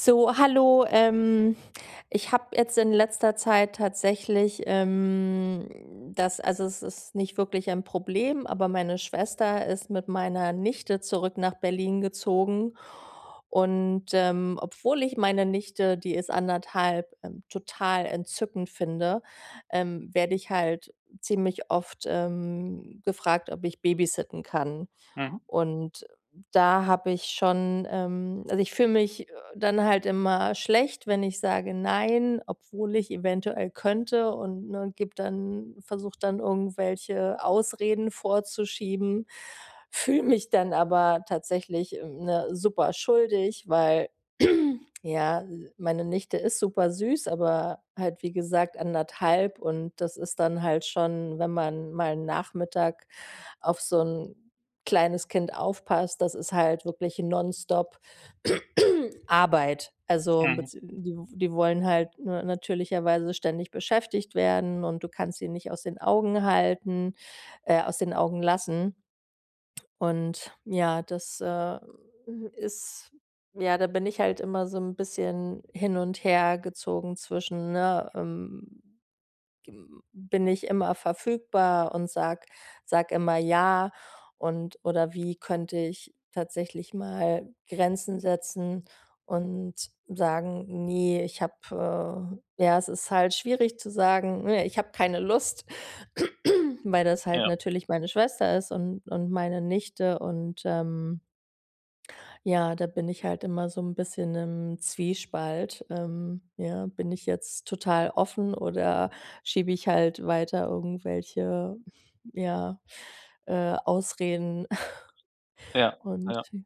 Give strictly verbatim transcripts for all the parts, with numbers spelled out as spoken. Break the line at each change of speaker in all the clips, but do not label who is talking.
So, hallo, ähm, ich habe jetzt in letzter Zeit tatsächlich, ähm, das also, es ist nicht wirklich ein Problem, aber meine Schwester ist mit meiner Nichte zurück nach Berlin gezogen, und, ähm, obwohl ich meine Nichte die ist anderthalb, ähm, total entzückend finde, ähm, werde ich halt ziemlich oft, ähm, gefragt, ob ich babysitten kann.
Mhm.
Und da habe ich schon, ähm also, ich fühle mich, äh, dann halt immer schlecht, wenn ich sage: „Nein“, obwohl ich eventuell könnte. Und, ne, gebe dann versuche dann irgendwelche Ausreden vorzuschieben, fühle mich dann aber tatsächlich, ähm, ne, super schuldig, weil, ja, meine Nichte ist super süß, aber halt, wie gesagt, anderthalb und das ist dann halt schon wenn man mal 'n Nachmittag auf so 'n kleines Kind aufpasst, das ist halt wirklich nonstop Arbeit. Also,
Mhm.
bez die die wollen halt, ne, natürlicherweise ständig beschäftigt werden und du kannst sie nicht aus den Augen halten äh, aus den Augen lassen. Und ja, das, äh, ist ja, da bin ich halt immer so 'n bisschen hin und her gezogen zwischen, ne, ähm, g hm, bin ich immer verfügbar und sage sage immer ja und oder wie könnte ich tatsächlich mal Grenzen setzen und sagen: „Ne, ich habe, äh“ Ja, es ist halt schwierig zu sagen, ne, ich habe keine Lust, weil das halt
Ja.
natürlich meine Schwester ist und und meine Nichte und, ähm ja, da bin ich halt immer so 'n bisschen im Zwiespalt. Ähm, ja, bin ich jetzt total offen, oder schiebe ich halt weiter irgendwelche, ja, äh, Ausreden
Ja,
Und
ja.
sie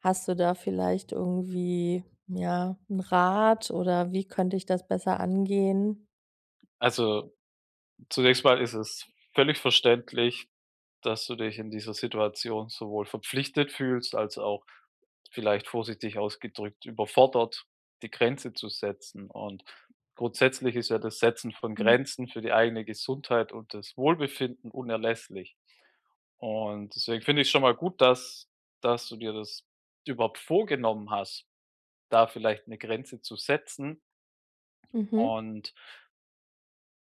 Hast du da vielleicht irgendwie, ja, 'n Rat, oder wie könnte ich das besser angehen?
Also, zunächst mal ist es völlig verständlich, dass du dich in dieser Situation sowohl verpflichtet fühlst, als auch- vielleicht vorsichtig ausgedrückt- überfordert, die Grenze zu setzen. Und grundsätzlich ist ja das Setzen von
Mhm.
Grenzen für die eigene Gesundheit und das Wohlbefinden unerlässlich. Und deswegen finde ich es schon mal gut, dass dass du dir das überhaupt vorgenommen hast, da vielleicht 'ne Grenze zu setzen
Mhm.
und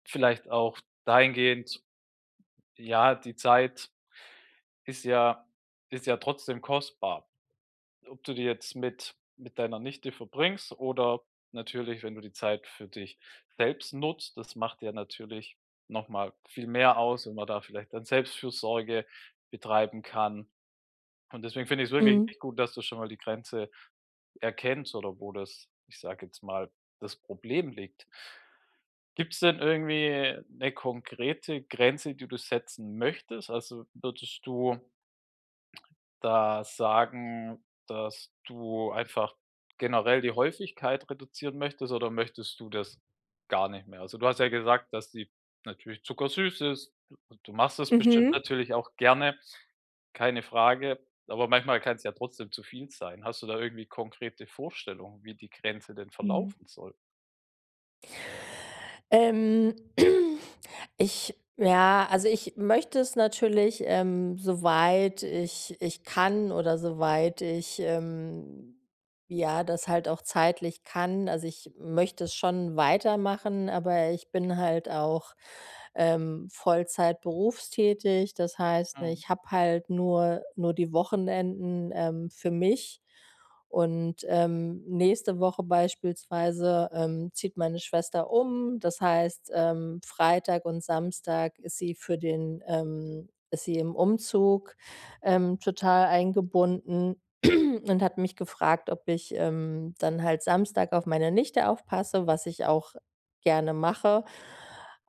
vielleicht auch dahingehend ja, die Zeit ist ja ist ja trotzdem kostbar. Ob du die jetzt mit mit deiner Nichte verbringst oder natürlich, wenn du die Zeit für dich selbst nutzt, das macht ja natürlich nochmal viel mehr aus, wenn man da vielleicht dann Selbstfürsorge betreiben kann. Und deswegen finde ich es wirklich
Mhm.
echt gut, dass du schon mal die Grenze erkennst oder wo das, ich sage jetzt mal, das Problem liegt. Gibt es denn irgendwie 'ne konkrete Grenze, die du setzen möchtest? Also, würdest du da sagen, dass du einfach generell die Häufigkeit reduzieren möchtest oder möchtest du das gar nicht mehr? Also, du hast ja gesagt, dass die natürlich zuckersüß ist, du du machst das bestimmt
Mhm.
natürlich auch gerne, keine Frage, aber manchmal kann es ja trotzdem zu viel sein. Hast du da irgendwie konkrete Vorstellungen, wie die Grenze denn
Mhm.
verlaufen soll?
Ähm, ich ja, also, ich möchte es natürlich, ähm, soweit ich ich kann oder soweit ich, ähm, ja, das halt auch zeitlich kann. Also, ich möchte es schon weitermachen, aber ich bin halt auch, ähm, Vollzeit berufstätig. Das heißt,
Mhm.
ich habe halt nur nur die Wochenenden, ähm, für mich. Und, ähm, nächste Woche beispielsweise, ähm, zieht meine Schwester um. Das heißt, ähm, Freitag und Samstag ist sie für den, ähm ist sie im Umzug, ähm, total eingebunden und hat mich gefragt, ob ich, ähm, dann halt Samstag auf meine Nichte aufpasse, was ich auch gerne mache.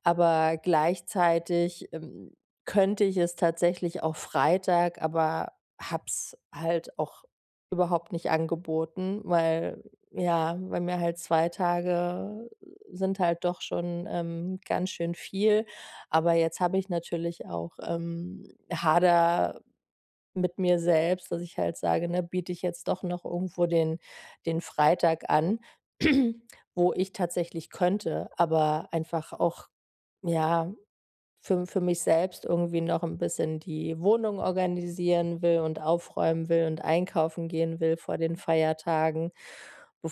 Aber gleichzeitig, ähm, könnte ich es tatsächlich auch Freitag, aber habe es halt auch überhaupt nicht angeboten, weil, ja weil mir halt zwei Tage sind halt doch schon, ähm, ganz schön viel. Aber jetzt habe ich natürlich auch, ähm hadere mit mir selbst, dass ich halt sage: „Ne, biete ich jetzt doch noch irgendwo den den Freitag an,“ wo ich tatsächlich könnte, aber einfach auch, ja, für m für mich selbst irgendwie noch 'n bisschen die Wohnung organisieren will und aufräumen will und einkaufen gehen will vor den Feiertagen,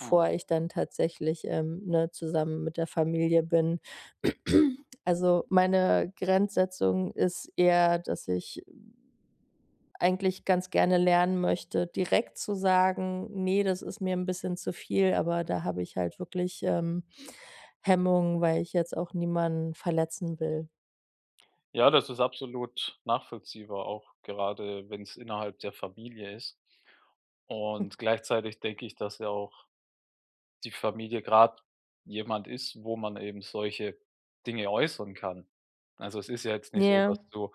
Mhm.
ich dann tatsächlich, ähm, ne, zusammen mit der Familie bin. Also, meine Grenzsetzung ist eher, dass ich, eigentlich ganz gerne lernen möchte, direkt zu sagen: „Ne, das ist mir 'n bisschen zu viel,“ aber da habe ich halt wirklich, ähm, Hemmungen, weil ich jetzt auch niemanden verletzen will.
Ja, das ist absolut nachvollziehbar, auch gerade wenn's innerhalb der Familie ist. Und gleichzeitig denke ich, dass ja auch die Familie grad jemand ist, wo man eben solche Dinge äußern kann. Also, es ist ja jetzt nicht so, dass
Ja.
du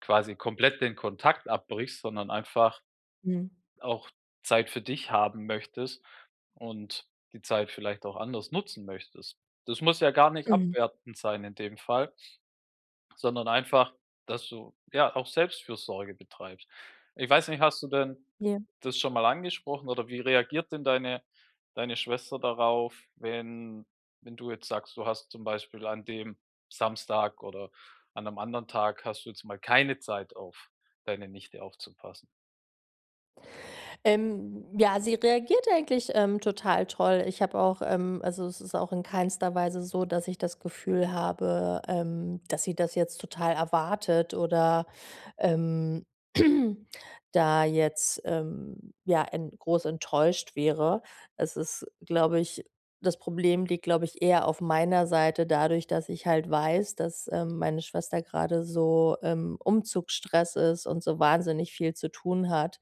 quasi komplett den Kontakt abbrichst, sondern einfach
Mhm.
auch Zeit für dich haben möchtest und die Zeit vielleicht auch anders nutzen möchtest. Das muss ja gar nicht
Mhm.
abwertend sein in dem Fall sondern einfach, dass du, ja, auch Selbstfürsorge betreibst. Ich weiß nicht, hast du denn
Ja.
das schon mal angesprochen, oder wie reagiert denn deine deine Schwester darauf, wenn wenn du jetzt sagst, du hast zum Beispiel an dem Samstag oder an 'nem anderen Tag hast du jetzt mal keine Zeit, auf deine Nichte aufzupassen.
Ähm, ja, sie reagiert eigentlich, ähm, total toll. Ich habe auch, ähm also, es ist auch in keinster Weise so, dass ich das Gefühl habe, ähm, dass sie das jetzt total erwartet oder, ähm, da jetzt, ähm, ja en groß enttäuscht wäre. Es ist, glaube ich das Problem liegt, glaube ich eher auf meiner Seite. Dadurch, dass ich halt weiß, dass, ähm, meine Schwester grade so im Umzugsstress ist und so wahnsinnig viel zu tun hat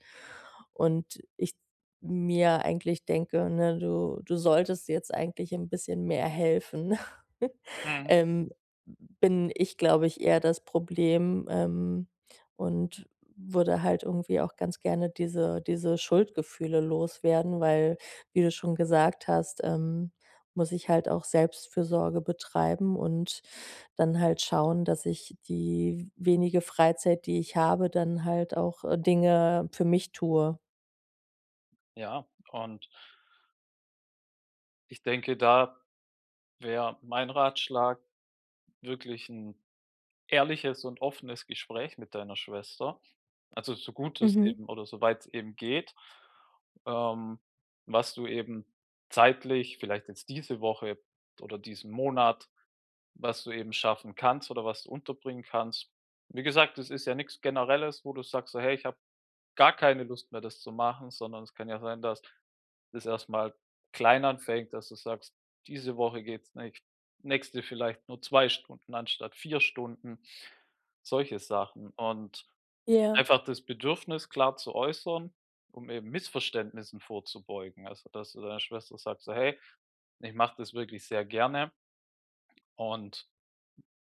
und ich mir eigentlich denke: „Ne, du du solltest jetzt eigentlich 'n bisschen mehr helfen,“
Mhm.
ähm, bin ich, glaube ich, eher das Problem, ähm, und würde halt irgendwie auch ganz gerne diese diese Schuldgefühle loswerden. Weil, wie du schon gesagt hast, ähm, muss ich halt auch Selbstfürsorge betreiben und dann halt schauen, dass ich die w wenige Freizeit, die ich habe, dann halt auch äh, Dinge für mich tue.
Ja, und ich denke, da wäre mein Ratschlag wirklich 'n ehrliches und offenes Gespräch mit deiner Schwester. Also, so gut es
Mhm.
eben oder soweit es eben geht. Ähm, was du eben zeitlich, vielleicht jetzt diese Woche oder diesen Monat, was du eben schaffen kannst oder was du unterbringen kannst. Wie gesagt, das ist ja nix Generelles, wo du sagst: So, „Hey, ich habe gar keine Lust mehr, das zu machen,” sondern es kann ja sein, dass das erstmal klein anfängt, dass du sagst, diese Woche geht's nicht nächste vielleicht nur zwei Stunden anstatt vier Stunden. Solche Sachen und
Ja.
einfach das Bedürfnis klar zu äußern, um eben Missverständnissen vorzubeugen. Also, dass du deiner Schwester sagt, so: „Hey, ich mache das wirklich sehr gerne” und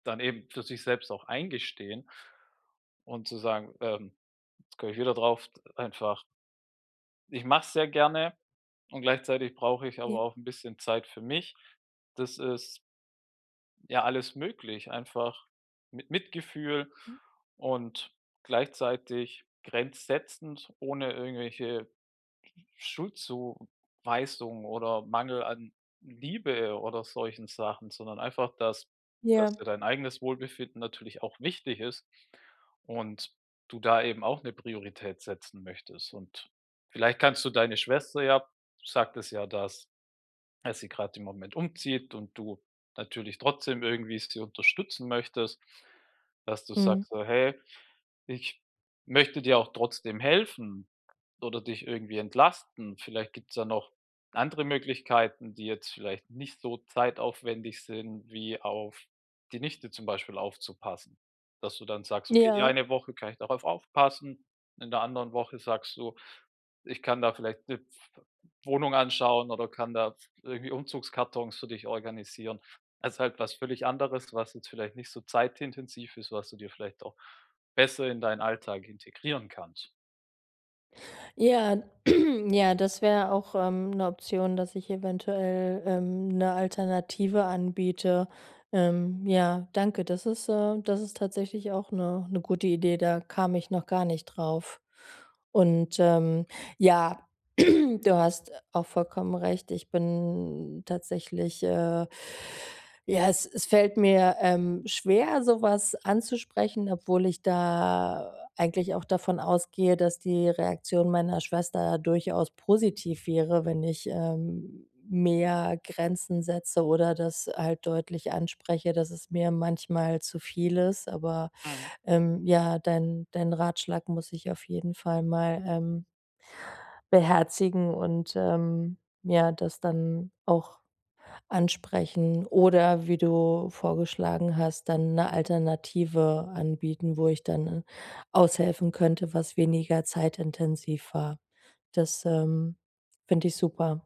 dann eben für sich selbst auch eingestehen und zu sagen, ähm, jetzt komme ich wieder drauf, einfach „ich mach's sehr gerne und gleichzeitig brauche ich aber
Ne.
auch 'n bisschen Zeit für mich.” Das ist ja alles möglich, einfach mit Mitgefühl
Mhm.
und gleichzeitig grenzsetzend, ohne irgendwelche Sch Schuldzuweisung oder Mangel an Liebe oder solchen Sachen, sondern einfach, dass dass
Ja.
dir dein eigenes Wohlbefinden natürlich auch wichtig ist und du da eben auch 'ne Priorität setzen möchtest. Und vielleicht kannst du deine Schwester ja sagtest ja, dass dass sie gerade im Moment umzieht und du natürlich trotzdem irgendwie sie unterstützen möchtest. Dass du
Mhm.
sagst, so: „Hey, ich möchte dir auch trotzdem helfen oder dich irgendwie entlasten. Vielleicht gibt's da noch andere Möglichkeiten, die jetzt vielleicht nicht so zeitaufwendig sind, wie auf die Nichte zum Beispiel aufzupassen.” Dass du dann sagst: „Okay, die
Ja.
eine Woche kann ich darauf aufpassen,” in der anderen Woche sagst du: „Ich kann da vielleicht 'ne pf Wohnung anschauen oder kann da pf irgendwie Umzugskartons für dich organisieren.” Das ist halt was völlig anderes, was jetzt vielleicht nicht so zeitintensiv ist, was du dir vielleicht auch besser in deinen Alltag integrieren kannst.
Ja, ja, das wäre auch, ähm, 'ne Option, dass ich eventuell, ähm, 'ne Alternative anbiete. Ähm, ja, danke. Das ist, äh das ist tatsächlich auch 'ne 'ne gute Idee. Da kam ich noch gar nicht drauf. Und, ähm, ja, du hast auch vollkommen recht. Ich bin tatsächlich, äh ja, es es fällt mir, ähm, schwer, sowas anzusprechen, obwohl ich da eigentlich auch davon ausgehe, dass die Reaktion meiner Schwester durchaus positiv wäre, wenn ich, ähm, mehr Grenzen setze oder das halt deutlich anspreche, dass es mir manchmal zu viel ist. Aber,
Mhm.
ähm, ja, dein dein Ratschlag muss ich auf jeden Fall mal, ähm beherzigen und, ähm, ja das dann auch ansprechen oder wie du vorgeschlagen hast, dann 'ne Alternative anbieten, wo ich dann aushelfen könnte, was weniger zeitintensiv war. Das, ähm, finde ich super.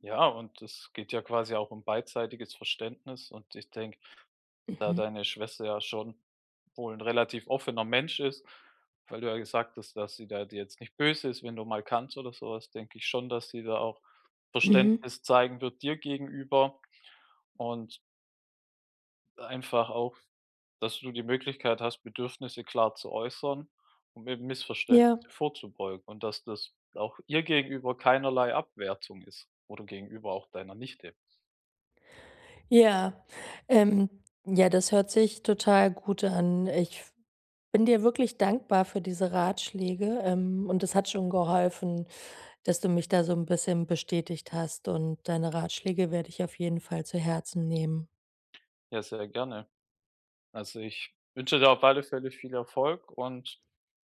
Ja, und das geht ja quasi auch um beidseitiges Verständnis. Und ich denke, da
Mhm.
deine Schwester ja schon wohl 'n relativ offener Mensch ist, weil du ja gesagt hast, dass sie da dir jetzt nicht böse ist, wenn du mal kannst oder sowas, denke ich schon, dass sie da auch
Mhm.
Verständnis zeigen wird dir gegenüber und einfach auch, dass du die Möglichkeit hast, Bedürfnisse klar zu äußern, um eben
Ja.
Missverständnisse vorzubeugen. Und, dass das auch ihr gegenüber keinerlei Abwertung ist oder gegenüber auch deiner Nichte.
Ja, ähm, ja, das hört sich total gut an. Ich bin dir wirklich dankbar für diese Ratschläge. Ähm, und das hat schon geholfen, dass du mich da so 'n bisschen bestätigt hast. Und deine Ratschläge werde ich auf jeden Fall zu Herzen nehmen.
Ja, sehr gerne. Also, ich wünsche dir auf alle Fälle viel Erfolg und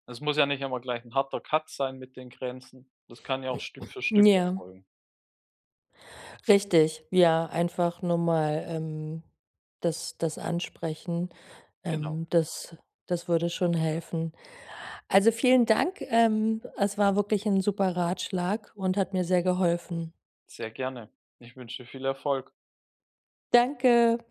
es muss ja nicht immer gleich 'n harter Cut sein mit den Grenzen. Das kann ja auch Stück für Stück
Ja.
erfolgen.
Richtig, ja, einfach normal, ähm, das das ansprechen.
Genau.
Ähm, das das würde schon helfen. Also, vielen Dank, ähm, es war wirklich 'n super Ratschlag und hat mir sehr geholfen.
Sehr gerne. Ich wünsche dir viel Erfolg.
Danke.